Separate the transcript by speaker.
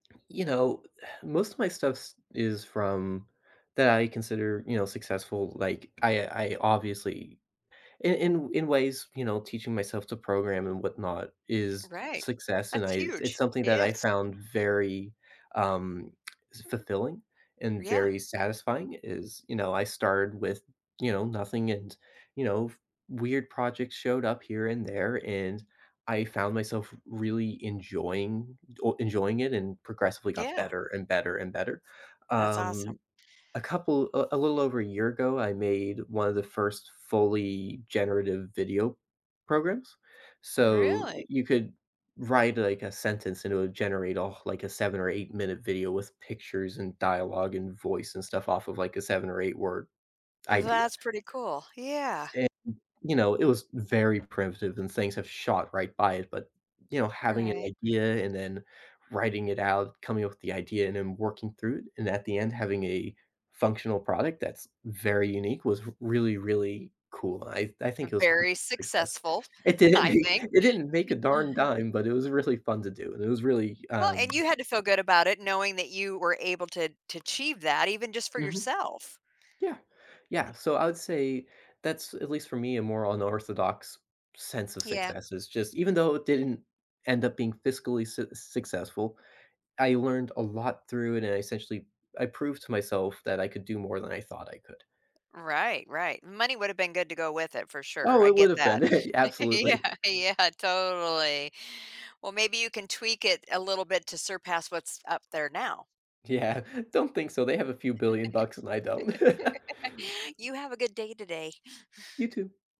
Speaker 1: You know, most of my stuffs is from that I consider, you know, successful, like, I I obviously in in in ways, you know, teaching myself to program and whatnot is
Speaker 2: Right.
Speaker 1: success, and
Speaker 2: That's
Speaker 1: I it's
Speaker 2: huge.
Speaker 1: something that I
Speaker 2: Yes.
Speaker 1: found very, um, fulfilling and
Speaker 2: Yeah.
Speaker 1: very satisfying is, you know, I started with, you know, nothing and you know, weird projects showed up here and there, and I found myself really enjoying oh enjoying it and progressively got
Speaker 2: Yeah.
Speaker 1: better and better and better,
Speaker 2: That's awesome.
Speaker 1: um, a couple, uh, a little over a year ago, I made one of the first fully generative video programs, so,
Speaker 2: Really?
Speaker 1: you could write, like, a sentence and it would generate off, like, a 7 or 8 minute video with pictures and dialogue and voice and stuff off of, like, a 7 or 8 word idea.
Speaker 2: That's pretty cool, yeah.
Speaker 1: And, you know, it was very primitive and things have shot right by it, but, you know, having an
Speaker 2: Right.
Speaker 1: idea and then writing it out, coming up with the idea, and then working through it, and at the end, having a functional product that's very unique was really, really cool. I I think it was a pretty
Speaker 2: Very
Speaker 1: success.
Speaker 2: successful,
Speaker 1: It didn't
Speaker 2: I
Speaker 1: make
Speaker 2: think.
Speaker 1: it didn't make a darn dime, but it was really fun to do, and it was really,
Speaker 2: Well, and
Speaker 1: um
Speaker 2: you had to feel good about it knowing that you were able to to achieve that even just for
Speaker 1: Mhm.
Speaker 2: yourself.
Speaker 1: Yeah, yeah,
Speaker 2: Y
Speaker 1: so I would say that's at least for me, a more unorthodox sense of
Speaker 2: Yeah.
Speaker 1: success is just even though it didn't end up being fiscally succes successful, I learned a lot through it and I essentially, I proved to myself that I could do more than I thought I could.
Speaker 2: Right, right. Money would have been good to go with it for sure.
Speaker 1: Oh,
Speaker 2: I
Speaker 1: it would
Speaker 2: get
Speaker 1: have been
Speaker 2: that. Yeah,
Speaker 1: absolutely.
Speaker 2: yeah, totally. Well, maybe you can tweak it a little bit to surpass what's up there now.
Speaker 1: Yeah, don't think so. They have a few billion bucks and I don't.
Speaker 2: You have a good day today.
Speaker 1: You too.